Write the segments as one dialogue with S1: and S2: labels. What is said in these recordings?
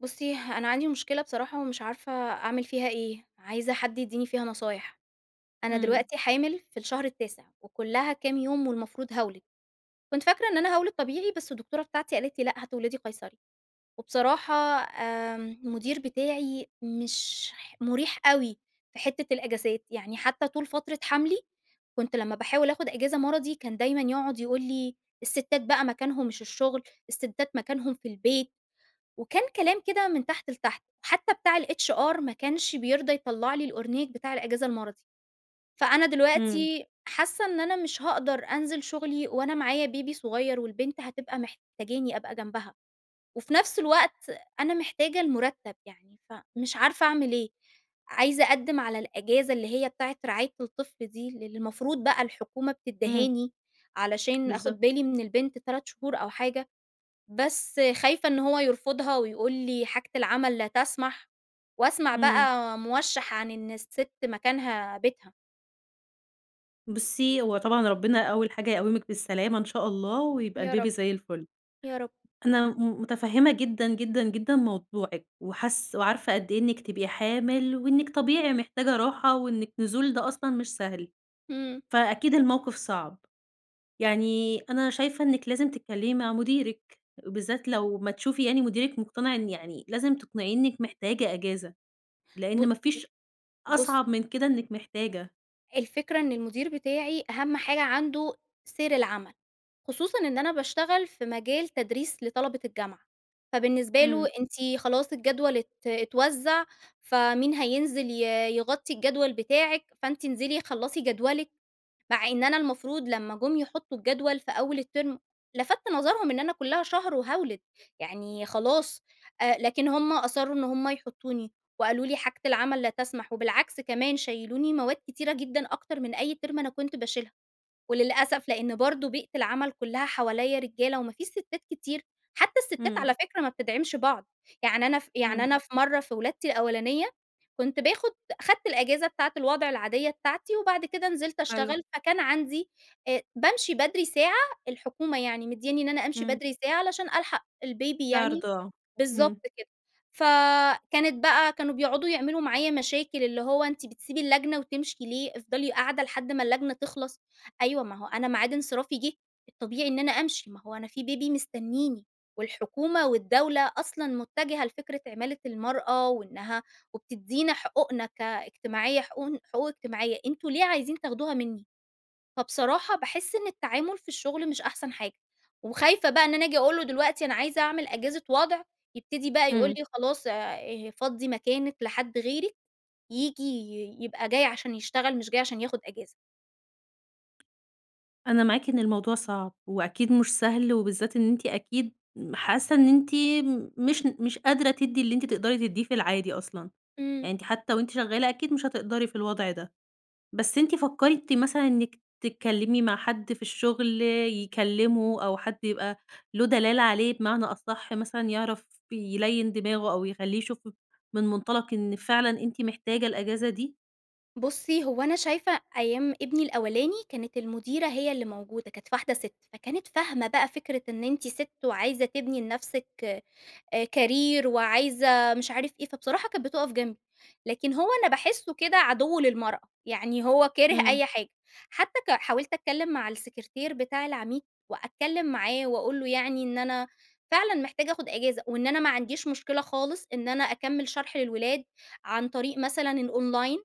S1: بُصّي، أنا عندي مشكلة بصراحة ومش عارفة أعمل فيها إيه، عايزة حد يدّيني فيها نصايح. أنا
S2: إمم.
S1: دلوقتي حامل في الشهر التاسع، وكُلّها كام يوم والمفروض هاولد. كنت فاكرة إن أنا هاولد طبيعي بس الدكتورة بتاعتي قالت لي: لأ هتولدي قَيصَري." وبصراحة آمم المُدير بتاعي مش ح مُريح أوي في حتّة الأجازات. يعني حتّى طول فترة حَمْلي، كنت لمّا باحاول آخُد أجازة مَرَضي كان دايمًا يقعد يقول لي: "السِتّات بقى مكانهم مش الشغل، السِتّات مكانهم في البيت." وكان كلام كده من تحت لتحت. حتّى بتاع الHR ما كانش بيرضى يطلّع لي الأورنيك بتاع الأجازة المَرَضي. فأنا
S2: إمم.
S1: دلوقتي حاسّة إن أنا مش هاقدر أنزل شغلي وأنا معايا بيبي صغير والبنت هتبقى محتاجاني أبقى جنبها. وفي نفس الوقت أنا محتاجة المُرتّب. يعني فمش عارفة أعمل إيه؟ عايزة أقدّم على الأجازة اللي هي بتاعة رعاية الطفل دي للي المفروض بقى الحكومة
S2: إمم.
S1: بتدّهاني علشان
S2: بالضبط.
S1: آخُد بالي من البنت 3 شهور أو حاجة. بس خايفة إن هو يرفضها ويقول لي حاجة العمل لا تسمح. واسمع
S2: إمم.
S1: بقى موشّح عن إن السِت مكانها بيتها.
S2: بُصّي، هو طبعًا ربنا أول حاجة يقوّمِك بالسلامة إن شاء الله ويبقى
S1: يا رب.
S2: البيبي زي الفُل.
S1: يا رب.
S2: أنا م مُتفهّمة جدًا، جدًا، جدًا موضوعِك وحاس وعارفة قد إيه إنِّك تبقي حامِل وإنِّك طبيعي محتاجة راحة وإنِّك نزول ده أصلًا مش سهل.
S1: إمم.
S2: فأكيد الموقف صعب. يعني أنا شايفة إنِّك لازم تتكلّمي مع مُديرِك وبالذات لو ما تشوفي يعني مُديرِك مقتنع إن يعني لازم تقنعيه إنِّك محتاجة أجازة،
S1: ب
S2: لإن
S1: ص
S2: ما فيش
S1: بُصّي
S2: أصعب من كده إنِّك محتاجة.
S1: الفكرة إن المُدير بتاعي أهم حاجة عنده سير العمل. خصوصًا إن أنا باشتغل في مجال تدريس لطلبة الجامعة. فبالنسبة له
S2: إمم.
S1: أنتِ خلاص الجدول ات اتوزّع، فمين هينزل ي يغطّي الجدول بتاعِك، فأنتِ انزلي خلّصي جدولِك. مع إن أنا المفروض لمّا جم يحطّوا الجدول في أول الترم، لفَتت نظرهم إن أنا كُلّها شهر وهاولد. يعني خلاص أ لكن هم أصرّوا إن هم يحطّوني وقالوا: "لي حاجة العمل لا تسمح." وبالعكس كمان شيّلُوني مواد كتيرة جدًا أكتر من أي ترم أنا كنت باشيلها. وللأسف لإن برضه بيئة العمل كُلّها حواليّا رجالة وما فيش سِتّات كتير. حتّى السِتّات
S2: إمم.
S1: على فكرة ما بتدعمش بعض. يعني أنا ف يعني
S2: إمم.
S1: أنا في مرّة في ولادتي الأولانية، كنت باخُد أخدت الأجازة بتاعة الوضع العادية بتاعتي وبعد كده نزلت
S2: حلو.
S1: اشتغل، فكان عندي آآ بامشي بدري ساعة، الحكومة يعني مدّيانّي إن أنا أمشي
S2: إمم.
S1: بدري ساعة عشان ألحق البيبي
S2: في
S1: يعني
S2: عرض آه.
S1: بالضبط
S2: إمم.
S1: كده. فكانت بقى كانوا بيقعدوا يعملوا معايا مشاكل، اللي هو أنتِ بتسيبي اللجنة وتمشي ليه! افضلي قاعدة لحد ما اللجنة تخلص؟ أيوه ما هو أنا معاد انصرافي جِه الطبيعي إن أنا أمشي، ما هو أنا في بيبي مستنّيني. والحكومة والدولة أصلًا مُتَّجِهة لفكرة عِمالة المرأة وإنّها وبتدّينا حقوقنا كاجتماعية حقوقن حقوق اجتماعية، أنتم ليه عايزين تاخدوها منّي؟ فبصراحة باحس إن التعامل في الشغل مش أحسن حاجة. وخايفة بقى إن أنا آجي أقول له دلوقتي أنا عايزة أعمل أجازة وضْع، يبتدي بقى يقول
S2: إمم.
S1: لي خلاص آآ فضّي مكانِك لحد غيرِك ييجي ي يبقى جاي عشان يشتغل مش جاي عشان ياخُد أجازة.
S2: أنا معاكِ إن الموضوع صعب وأكيد مش سهل وبالذات إن أنتِ أكيد م حاسة إن أنتِ م مش ن مش قادرة تدّي اللي أنتِ تقدري تدّيه في العادي أصلًا.
S1: إمم.
S2: يعني أنتِ حتّى وأنتِ شغّالة، أكيد مش هتقدري في الوضع ده. بس أنتِ فكّرتِ مثلًا إنِّك تتكلّمي مع حد في الشغل يكلّمه، أو حد يبقى له دلالة عليه بمعنى أصح مثلًا يعرف يليّن دماغه أو يخلّيه يشوف ف من مُنطَلق إن فعلًا أنتِ محتاجة الأجازة دي؟
S1: بُصّي، هو أنا شايفة أيام ابني الأولاني، كانت المُديرة هي اللي موجودة كانت واحدة سِت. فكانت فاهمة بقى فكرة إن أنتِ سِت وعايزة تبني لنفسِك أ career وعايزة مش عارف إيه. فبصراحة كانت بتُقف جنبي، لكن هو أنا باحسّه كده عَدِو للمرأة. يعني هو كاره
S2: إمم.
S1: أي حاجة. حتّى ك حاولت أتكلّم مع السكرتير بتاع العميد، وأتكلّم معاه واقول له يعني إن أنا فعلًا محتاجة آخُد أجازة وإن أنا ما عنديش مشكلة خالص إن أنا أكمّل شرح للولاد عن طريق مثلًا الأونلاين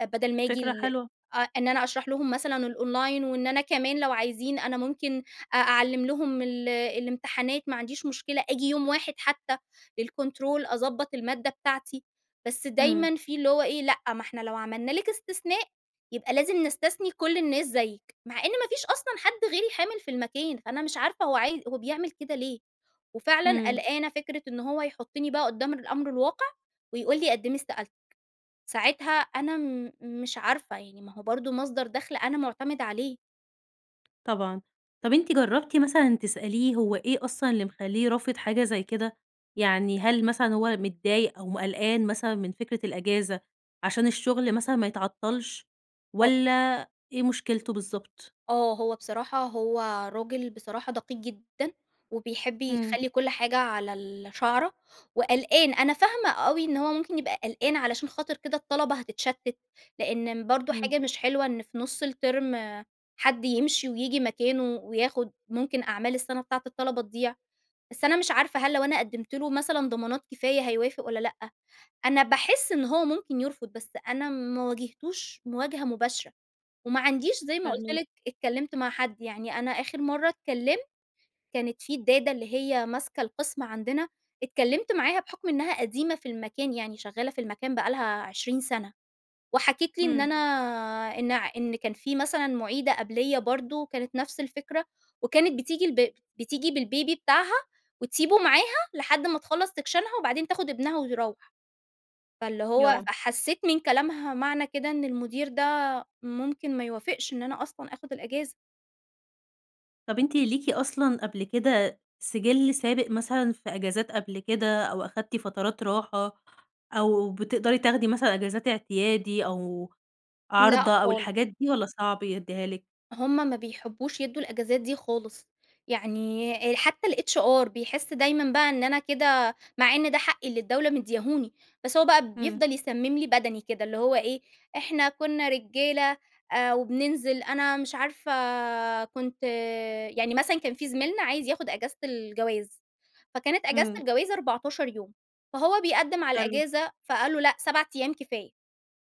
S1: أ بَدَل ما آجي
S2: فكرة
S1: ال
S2: حلوة.
S1: آه إن أنا أشرح لهم مثلًا الأونلاين وإن أنا كمان لو عايزين أنا ممكن أ أعلّم لهم ال الامتحانات ما عنديش مشكلة آجي يوم واحد حتّى للكونترول أضبّط المادة بتاعتي. بس
S2: إمم.
S1: دايمًا في اللي هو إيه لأ، ما إحنا لو عملنا لِك استثناء يبقى لازم نستثني كل الناس زيِّك. مع إن ما فيش أصلًا حد غيري حامِل في المكان، أنا مش عارفة هو عايز هو بيعمل كده ليه؟ وفعلًا
S2: إمم.
S1: قلقانة فكرة إن هو يحُطّني بقى قُدّام الأمر الواقع، ويقول لي قدّمي استقالتِك. ساعتها أنا م مش عارفة. يعني ما هو برضه مصدر دخل أنا مُعتَمِدة عليه.
S2: طبعًا. طب أنتِ جرّبتِ مثلًا تسأليه هو إيه أصلًا اللي مخلّيه رافض حاجة زي كده؟ يعني هل مثلًا هو متضايق أو م قلقان مثلًا من فكرة الأجازة عشان الشغل مثلًا ما يتعطّلش
S1: أ
S2: والّا إيه مشكلته بالضبط؟
S1: آه. هو بصراحة هو راجل بصراحة دقيق جدًا، وبيحب
S2: إمم.
S1: يخلّي كل حاجة على الشَعرة وقلقان. أنا فاهمة أوي إن هو ممكن يبقى قلقان علشان خاطر كده الطلبة هتتشتّت. لإن برضه
S2: إمم.
S1: حاجة مش حلوة إن في نُص الترم حد يمشي وييجي مكانه وياخُد ممكن أعمال السنة بتاعة الطلبة تضيع. بس أنا مش عارفة هل لو أنا قدّمت له مثلًا ضمانات كفاية هيوافق والّا لأ؟ أنا باحس إن هو ممكن يرفض، بس أنا ما واجهتوش مواجهة مباشرة. وما عنديش زي ما قُلت
S2: فاهماكِ.
S1: لِك اتكلّمت مع حد. يعني أنا آخر مرّة اتكلّمت، كانت في الدادة اللي هي ماسكة القسم عندنا، اتكلّمت معاها بحُكم إنّها قديمة في المكان يعني شغالة في المكان بقى لها 20 سَنة. وحكيت لي إن
S2: إمم.
S1: أنا إن ع إن كان في مثلًا مُعيدة قَبليّا برضه كانت نفس الفكرة وكانت بتيجي الب بتيجي بالبيبي بتاعها وتسيبه معاها لحد ما تخلّص سكشنها وبعدين تاخُد ابنها وتروّح. فاللي
S2: يا
S1: هو
S2: رب.
S1: فحسّيت من كلامها معنى كده إن المٌدير ده ممكن ما يوافقش إن أنا أصلًا آخُد الأجازة.
S2: طب أنتِ ليكِ أصلًا قبل كده سِجِل سابق مثلًا في أجازات قبل كده أو أخدتِ فترات راحة أو بتقدري تاخدي مثلًا أجازات اعتيادي أو
S1: لأ
S2: عارضة أو
S1: خالص.
S2: الحاجات دي والّا صعب يدّيها لِك؟
S1: هم ما بيحبّوش يدّوا الأجازات دي خالص. يعني أ حتّى الHR بيحس دايماً بقى إن أنا كده مع إن ده حقي اللي الدولة مدّياهوني، بس هو بقى
S2: إمم.
S1: بيفضل يسمم لي بَدَني كده. اللي هو إيه، إحنا كُنّا رجالة أ وبننزل، أنا مش عارفة كنت يعني مثلًا كان في زميلنا عايز ياخُد أجازة الجواز، فكانت أجازة
S2: إمم.
S1: الجواز 14 يوم. فهو بيقدّم على
S2: حلو.
S1: الأجازة فقال له: "لأ 7 أيام كفاية."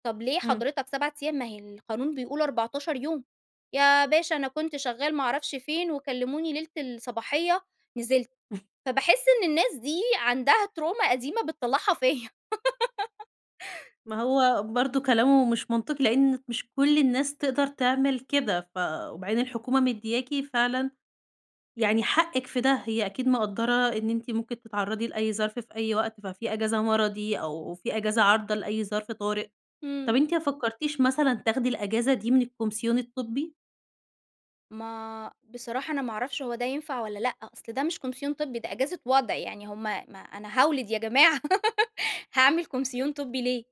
S1: "طب ليه
S2: إمم.
S1: حضرتك 7 أيام ما هي القانون بيقول 14 يوم." "يا باشا أنا كنت شغّال ما أعرفش فين وكلّموني ليلة الصباحية نزلت." فباحس إن الناس دي عندها ترومة قديمة بتطلّعها فيّا.
S2: ما هو برضه كلامه مش منطقي، لإن مش كل الناس تقدر تعمل كده. ف وبعدين الحكومة مديّاكِ فعلًا يعني حقِك في ده هي أكيد مقدّرة إن أنتِ ممكن تتعرّضي لأي ظرف في أي وقت، ففي أجازة مرضي أو في أجازة عارضة لأي ظرف طارئ. طب
S1: إمم.
S2: أنتِ ما فكّرتيش مثلًا تاخدي الأجازة دي من الكومسيون الطبّي؟
S1: ما بصراحة أنا ما أعرفش هو ده ينفع والّا لأ؟ أصل ده مش كومسيون طبّي ده أجازة وضْع. يعني هم ما أنا هاولد يا جماعة، هاعمل كومسيون طبّي ليه.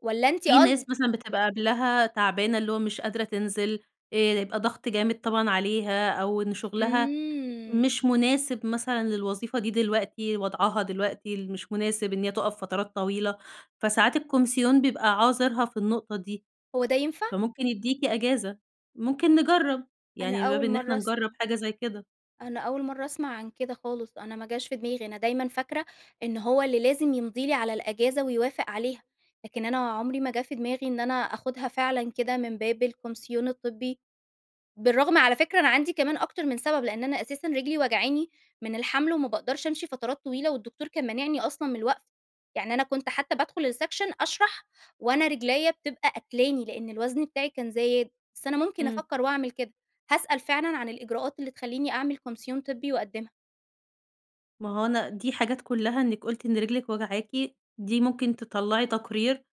S1: والّا أنتِ
S2: في ناس
S1: قصد
S2: مثلًا بتبقى قبلها تعبانة اللي هو مش قادرة تنزل آآ يبقى ضغط جامد طبعًا عليها أو إن شغلها
S1: إمم.
S2: مش مناسب مثلًا للوظيفة دي دلوقتي وضْعَها دلوقتي ل مش مناسب إن هي تُقَف فترات طويلة. فساعات الكومسيون بيبقى عاذرها في النقطة دي.
S1: هو ده ينفع؟
S2: فممكن يديكِ أجازة، ممكن نجرّب
S1: أنا
S2: يعني من باب
S1: أول
S2: إن إحنا
S1: مرّة أسمع
S2: نجرّب حاجة زي كده.
S1: أنا أول مرّة أسمع عن كده خالص، أنا ما جاش في دماغي. أنا دايمًا فاكرة إن هو اللي لازم يمضي لي على الأجازة ويوافق عليها. لكن أنا عمري ما جه في دماغي إن أنا آخُدها فعلًا كده من باب الكومسيون الطبّي. بالرغم على فكرة أنا عندي كمان أكتر من سبب، لإن أنا أساسًا رجلي واجعاني من الحَمل وما باقدرش أمشي فترات طويلة والدكتور كان مانعني أصلًا من الوَقْف يعني أنا كنت حتّى بادخل السيكشن أشرح وأنا رجليّا بتبقى قاتلاني لإن الوزن بتاعي كان زايد. بس أنا ممكن
S2: إمم.
S1: أفكّر واعمل كده. هاسأل فعلًا عن الإجراءات اللي تخلّيني أعمل كومسيون طبّي واقدِّمها.
S2: ما هو أنا دي حاجات كُلّها إنِّك قُلتِ إن رجلِك واجعاكِ، دي ممكن تطلّعي تقرير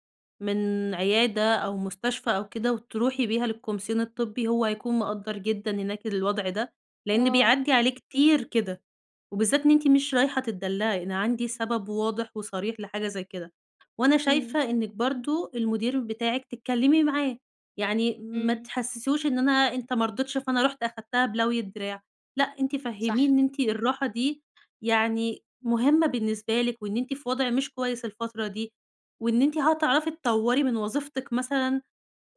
S2: من عيادة أو مستشفى أو كده وتروحي بيها للكومسيون الطبّي هو هيكون مقدّر جدًا هناك الوضع ده، لإن
S1: آه.
S2: بيعدّي عليه كتير كده. وبالذات إن أنتِ مش رايحة تتدلّعي، أنا عندي سبب واضح وصريح لحاجة زي كده. وأنا
S1: إمم.
S2: شايفة إنِّك برضه المُدير بتاعِك تتكلّمي معاه. يعني ما
S1: إمم.
S2: تحسِّسهوش إن أنا أنت ما رضيتش فأنا رُحت أخدتها بلوي الدراع. لأ أنتِ
S1: صح.
S2: فَهّميه إن أنتِ الراحة دي يعني مهمة بالنسبة لِك وإن أنتِ في وضع مش كويس الفترة دي وإن أنتِ هتعرفي تطوري من وظيفتِك مثلًا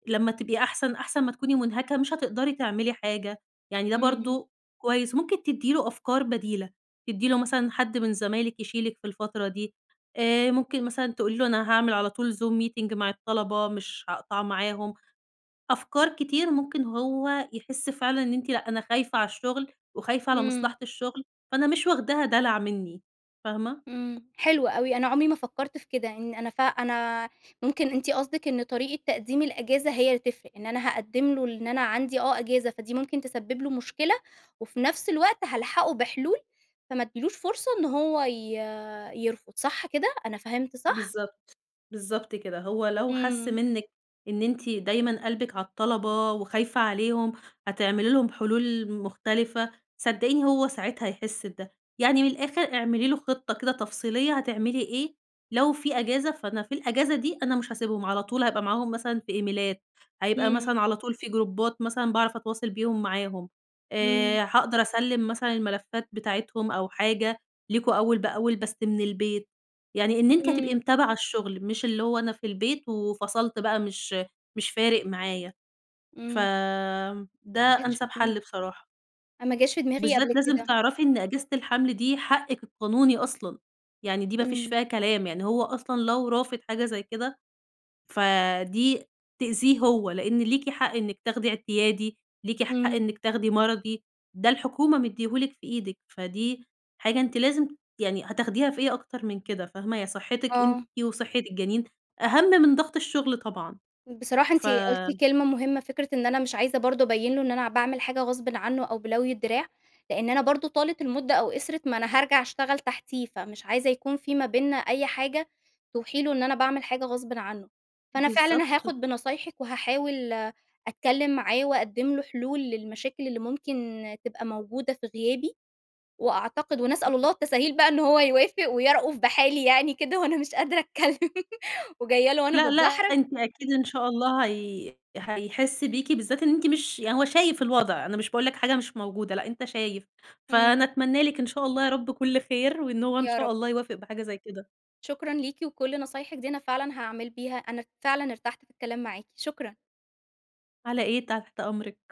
S2: لمّا تبقي أحسن، أحسن ما تكوني مُنهكة مش هتقدري تعملي حاجة، يعني ده
S1: إمم.
S2: برضه كويس. ممكن تدّي له أفكار بديلة. تدّي له مثلًا حد من زمايلِك يشيلِك في الفترة دي، آآ ممكن مثلًا تقولي له أنا هاعمل على طول Zoom meeting مع الطلبة مش هاقطع معاهم. أفكار كتير ممكن هو يحس فعلًا إن أنتِ لأ أنا خايفة على الشغل وخايفة على
S1: إمم.
S2: مصلحة الشغل، فأنا مش واخداها دلع منّي. فاهمة؟
S1: إمم. حلو أوي. أنا عُمري ما فكّرت في كده إن أنا ف أنا ممكن أنتِ قصدِك إن طريقة تقديم الأجازة هي اللي تفرق. إن أنا هاقدّم له إن أنا عندي آه أجازة، فدي ممكن تسبّب له مشكلة وفي نفس الوقت هالحقه بحلول فما أدّيلوش فرصة إنه هو ي يرفض صح كده، أنا فهمت صح؟
S2: بالضبط. بالضبط كده. هو لو حس
S1: إمم.
S2: منِّك إن أنتِ دايمًا قلبِك على الطلبة وخايفة عليهم، هتعملي لهم حلول مختلفة، صدقيني هو ساعتها هيحس بده. يعني من الآخر اعملي له خطة كده تفصيلية هتعملي إيه لو في أجازة، فأنا في الأجازة دي أنا مش هاسيبهم. على طول هابقى معاهم مثلًا في إيميلات. هيبقى
S1: إمم.
S2: مثلًا على طول في جروبات مثلًا باعرف أتواصل بيهم معاهم.
S1: إمم.
S2: آآ هاقدر أسلِّم مثلًا الملفات بتاعتهم أو حاجة ليكم أول بأول بس من البيت. يعني إن أنتِ هتبقي
S1: إمم.
S2: متابعة الشغل، مش اللي هو أنا في البيت وفَصَلت بقى مش مش فارق معايا. ف
S1: إمم.
S2: ده
S1: ما جتش في
S2: أنسَب
S1: دماغي.
S2: حل بصراحة.
S1: أنا ما جاش في دماغي قبل
S2: بالذات لازم
S1: كده.
S2: تعرفي إن أجازة الحَمل دي حقِك القانوني أصلًا. يعني دي ما فيش
S1: إمم.
S2: فيها كلام يعني هو أصلًا لو رافض حاجة زي كده، فدي تأذيه هو. لإن ليكِ حق إنِّك تاخدي اعتيادي، ليكِ حق
S1: إمم.
S2: إنِّك تاخدي مَرَضي. ده الحكومة مدّياه لِك في إيدِك. فدي حاجة أنتِ لازم يعني هتاخديها في إيه أكتر من كده فاهمة؟ يا صحّتِك أنتِ
S1: آه.
S2: وصحِّت الجَنين، أهم من ضغط الشغل طبعًا.
S1: بصراحة أنتِ
S2: ف
S1: قُلتِ كلمة مهمة. فكرة إن أنا مش عايزة برضه أبيّن له إن أنا باعمل حاجة غصبٍ عنّه أو بِلَوي الدراع. لإن أنا برضه طالت المُدة أو قِصرِت، ما أنا هارجع أشتغل تحتيه فمش عايزة يكون في ما بيننا أي حاجة توحي له إن أنا باعمل حاجة غصبٍ عنه. فأنا فعلًا
S2: بالضبط.
S1: هاخُد بنصايحِك وهاحاول أتكلّم معاه وأقدِّم له حلول للمشاكل اللي ممكن تبقى موجودة في غيابي وأعتقد ونسأل
S2: [unintelligible]
S1: الله التساهيل بقى إن هو يوافق ويَرأُف بحالي يعني كده وأنا مش قادرة أتكلّم وجاية له وأنا
S2: لأ لأ
S1: باتدحرج.
S2: أنتِ أكيد إن شاء الله هي هيحسْ بيكِ، بالذات إن أنتِ مش يعني هو شايف الوضع. أنا مش باقول لك حاجة مش موجودة، لأ أنت شايف. فأنا
S1: إمم.
S2: أتمنى لِك إن شاء الله يا رب كل خير وإن هو إن
S1: يا
S2: شاء
S1: رب.
S2: الله يوافق بحاجة زي كده.
S1: شكرًا ليكِ وكل نصايحِك دي أنا فعلًا هاعمل بيها. أنا فعلًا ارتحت في الكلام معاكِ، شكرًا.
S2: على إيه؟ تحت أمرِك.